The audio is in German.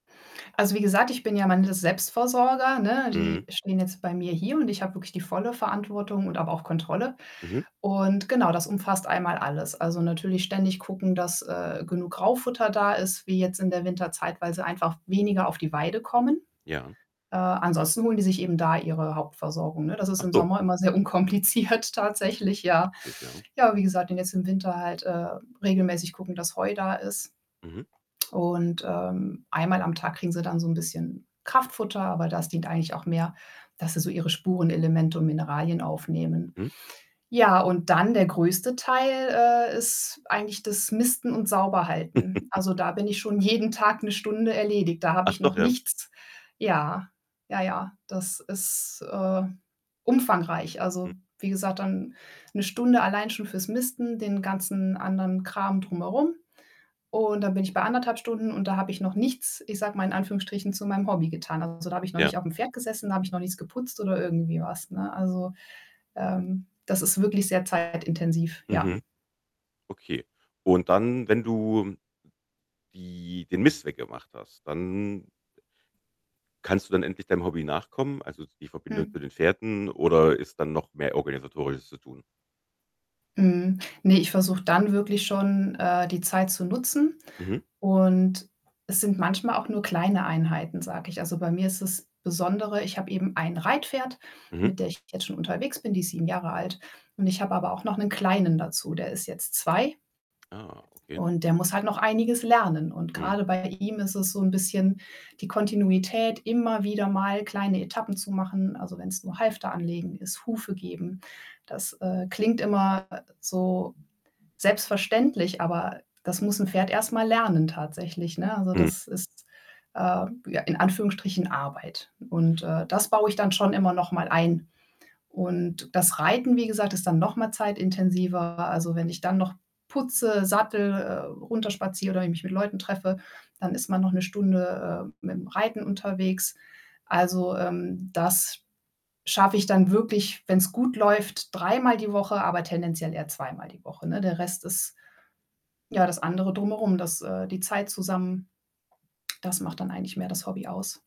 Also, wie gesagt, ich bin ja am Ende Selbstversorger, ne? Mhm. Die stehen jetzt bei mir hier und ich habe wirklich die volle Verantwortung und habe auch Kontrolle. Mhm. Und genau, das umfasst einmal alles. Also, natürlich ständig gucken, dass, äh, genug Graufutter da ist wie jetzt in der Winterzeit, weil sie einfach weniger auf die Weide kommen. Ja. Äh, ansonsten holen die sich eben da ihre Hauptversorgung, ne? Das ist Ach im so. Sommer immer sehr unkompliziert tatsächlich, ja. Praktisch, ja. Ja, wie gesagt, und jetzt im Winter halt, äh, regelmäßig gucken, dass Heu da ist. Mhm. Und, ähm, einmal am Tag kriegen sie dann so 'n bisschen Kraftfutter, aber das dient eigentlich auch mehr, dass sie so ihre Spurenelemente und Mineralien aufnehmen. Mhm. Ja, und dann der größte Teil, äh, ist eigentlich das Misten und Sauberhalten. Also, da bin ich schon Okay. jeden Tag 1 Stunde erledigt. Da habe Ach ich doch, noch ja. nichts ja, ja, ja, das ist, äh, umfangreich. Mhm. Also, wie gesagt, dann 1 Stunde allein schon fürs Misten, den ganzen anderen Kram drum herum. Und dann bin ich bei 1 1/2 Stunden und da habe ich noch nichts, ich sage mal, in Anführungsstrichen, zu meinem Hobby getan. Also, da habe ich noch Ja. nicht auf 'm Pferd gesessen, da habe ich noch nichts geputzt oder irgendwie was, ne? Also, ähm, das ist wirklich sehr zeitintensiv, ja. Mhm. Okay. Und dann, wenn du [unintelligible] die den Mist weggemacht hast, dann kannst du dann endlich deinem Hobby nachkommen, also, die Verbindung Mhm. zu den Pferden oder ist dann noch mehr Organisatorisches zu tun? Mhm, ne, ich versuche dann wirklich schon, äh, die Zeit zu nutzen. Mhm. Und es sind manchmal auch nur kleine Einheiten, sage ich. Also, bei mir ist das Besondere, ich habe eben 1 Reitpferd, Mhm. mit der ich jetzt schon unterwegs bin, die ist 7 Jahre alt. Und ich habe aber auch noch 'nen kleinen dazu, der ist jetzt 2. Ah, okay. Und der muss halt noch einiges lernen. Und Mhm. grade bei ihm ist es so 'n bisschen die Kontinuität, immer wieder mal kleine Etappen zu machen, also, wenn's nur Halfter anlegen ist, Hufe geben. Das, äh, klingt immer so selbstverständlich, aber das muss 'n Pferd erst mal lernen tatsächlich, ne? Also, Mhm. das ist, äh, ja in Anführungsstrichen Arbeit. Und, äh, das baue ich dann schon immer noch mal ein. Und das Reiten, wie gesagt, ist dann noch mal zeitintensiver. Also, wenn ich dann noch putze, Sattel, äh, runterspaziere oder ich mich mit Leuten treffe, dann ist man noch 1 Stunde, äh, mit 'm Reiten unterwegs. Also, ähm, das schaffe ich dann wirklich, wenn's gut läuft, dreimal die Woche, aber tendenziell eher zweimal die Woche, ne? Der Rest ist ja das andere Drumherum, das, äh die Zeit zusammen, das macht dann eigentlich mehr das Hobby aus.